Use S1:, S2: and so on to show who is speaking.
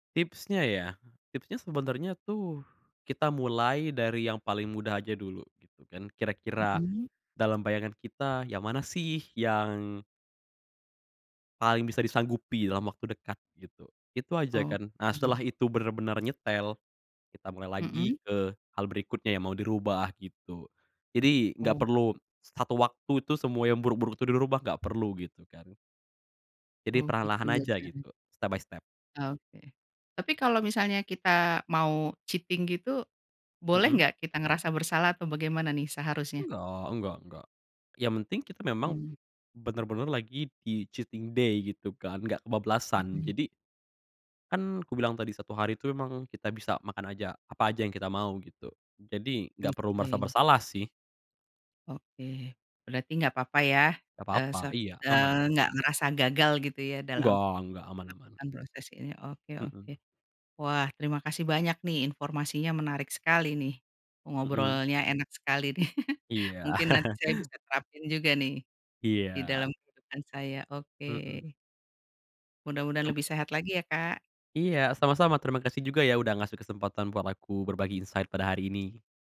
S1: Tipsnya ya, tipsnya sebenarnya tuh, kita mulai dari yang paling mudah aja dulu, gitu kan, kira-kira
S2: Mhm.
S1: dalam bayangan kita, yang mana sih yang paling bisa disanggupi dalam waktu dekat, gitu. Itu aja kan. Nah
S2: Oke.
S1: setelah itu benar-benar nyetel, kita mulai lagi
S2: Mhm.
S1: ke hal berikutnya yang mau dirubah gitu. Jadi, nggak
S2: Oh.
S1: perlu satu waktu itu semua yang buruk-buruk itu dirubah, nggak perlu gitu kan. Jadi
S2: Oh gitu
S1: perlahan-lahan aja
S2: [unintelligible]
S1: gitu, step by step.
S2: Oke. Tapi kalau misalnya kita mau cheating gitu, boleh
S1: Mhm.
S2: nggak kita ngerasa bersalah atau bagaimana nih seharusnya?
S1: Enggak, nggak nggak. Yang penting kita memang,
S2: Mmm.
S1: benar-benar lagi di cheating day gitu kan, nggak kebablasan,
S2: Mhm.
S1: jadi kan kubilang tadi 1 hari tuh emang kita bisa makan aja apa aja yang kita mau gitu. Jadi, nggak perlu merasa
S2: Oke.
S1: bersalah sih.
S2: Oke, berarti nggak apa-apa ya,
S1: Nggak
S2: eee,
S1: apa-apa,
S2: se
S1: iya, aman.
S2: eee, nggak merasa gagal gitu ya dalam
S1: Nggak nggak, aman aman.
S2: melakukan proses ini, oke oke.
S1: Mhm.
S2: Wah terima kasih banyak nih, informasinya menarik sekali nih.
S1: Mhm.
S2: Ngobrolnya enak sekali nih.
S1: Iya.
S2: Mungkin nanti saya bisa terapin juga nih, di
S1: Iya.
S2: dalam kehidupan saya,
S1: Mhm.
S2: oke. Mudah-mudahan
S1: M
S2: lebih sehat lagi ya, Kak.
S1: Iya, sama-sama, terimakasih juga ya udah ngasih kesempatan buat aku berbagi insight pada hari ini.